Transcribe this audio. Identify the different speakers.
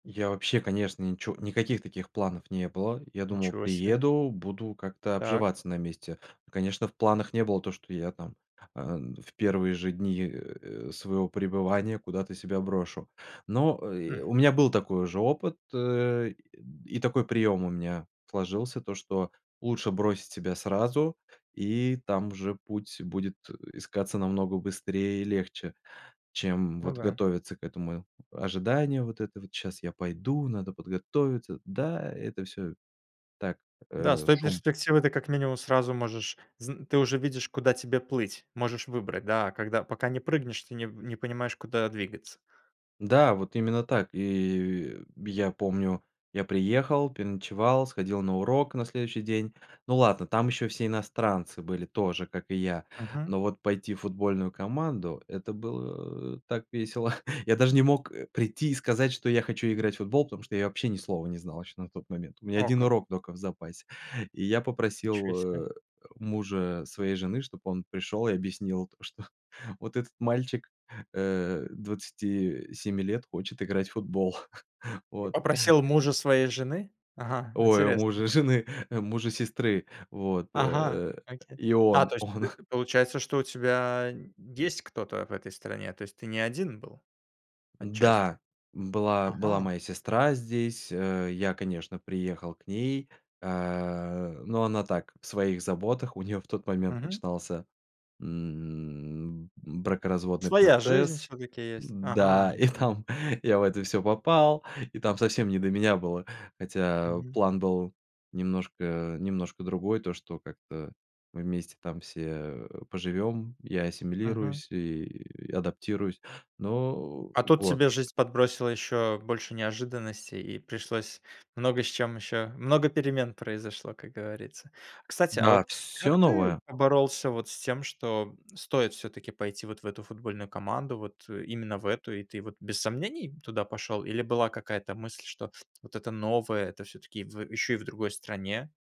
Speaker 1: Я вообще, конечно, ничего никаких таких планов не было. Я думал,
Speaker 2: Ничего себе.
Speaker 1: приеду, буду как-то
Speaker 2: Так.
Speaker 1: обживаться на месте. Ну, конечно, в планах не было то, что я там, э, в первые же дни, э, своего пребывания куда-то себя брошу. Но, э,
Speaker 2: М.
Speaker 1: у меня был такой уже опыт, э, и такой прием у меня сложился, то, что лучше бросить себя сразу, и там уже путь будет, э, искаться намного быстрее и легче, чем
Speaker 2: Ну
Speaker 1: вот
Speaker 2: да.
Speaker 1: готовиться к этому. Ожидание вот это вот: "Сейчас я пойду, надо подготовиться". Да, это всё так, э,
Speaker 2: Да с той
Speaker 1: шум.
Speaker 2: перспективы ты как минимум сразу можешь зн ты уже видишь, куда тебе плыть. Можешь выбрать, да, а когда пока не прыгнешь, ты не не понимаешь, куда двигаться.
Speaker 1: Да, вот именно так. И я помню, я приехал, переночевал, сходил на урок на следующий день. Ну ладно, там еще все иностранцы были тоже, как и я,
Speaker 2: Мгм.
Speaker 1: но вот пойти в футбольную команду- это было так весело. Я даже не мог, э, прийти и сказать, что я хочу играть в футбол, потому что я вообще ни слова не знал еще на тот момент. У меня
Speaker 2: О,
Speaker 1: 1
Speaker 2: как!
Speaker 1: урок только в запасе. И я попросил,
Speaker 2: Ничего себе.
Speaker 1: э, мужа своей жены, чтобы он пришёл и объяснил то, что вот этот мальчик, э, 27 лет хочет играть в футбол.
Speaker 2: Ты
Speaker 1: Вот.
Speaker 2: попросил мужа своей жены? Ага,
Speaker 1: Ой,
Speaker 2: интересно.
Speaker 1: мужа жены, э, мужа сестры. Вот,
Speaker 2: Ага,
Speaker 1: э.
Speaker 2: окей.
Speaker 1: И
Speaker 2: Да,
Speaker 1: он
Speaker 2: то есть
Speaker 1: он
Speaker 2: ты, получается, что у тебя есть кто-то в этой стране, то есть ты не один был отчасти?
Speaker 1: Да, была была
Speaker 2: Ага.
Speaker 1: моя сестра здесь. Э, я, конечно, приехал к ней, а, но она так, в своих заботах. У неё в тот момент
Speaker 2: Мгм.
Speaker 1: начинался, м, бракоразводный
Speaker 2: Своя жизнь
Speaker 1: процесс.
Speaker 2: все-таки есть.
Speaker 1: Да,
Speaker 2: Ага.
Speaker 1: и
Speaker 2: Окей.
Speaker 1: там я в это всё попал, и там совсем не до меня было. Хотя
Speaker 2: Мгм.
Speaker 1: план был немножко немножко другой, то что как-то мы вместе там все, э, поживем, я
Speaker 2: Мгм.
Speaker 1: ассимилируюсь и адаптируюсь. Но.
Speaker 2: А тут
Speaker 1: Вот.
Speaker 2: тебе жизнь подбросила еще больше неожиданностей, и пришлось много с чем еще, много перемен произошло, как говорится. Кстати, а
Speaker 1: Да,
Speaker 2: вот
Speaker 1: всё
Speaker 2: как ты
Speaker 1: новое.
Speaker 2: боролся вот с тем, что стоит все-таки пойти вот в эту футбольную команду, вот, э, именно в эту, и ты вот без сомнений туда пошел, или была какая-то мысль, что вот это новое- это все-таки в, э, еще и в другой стране?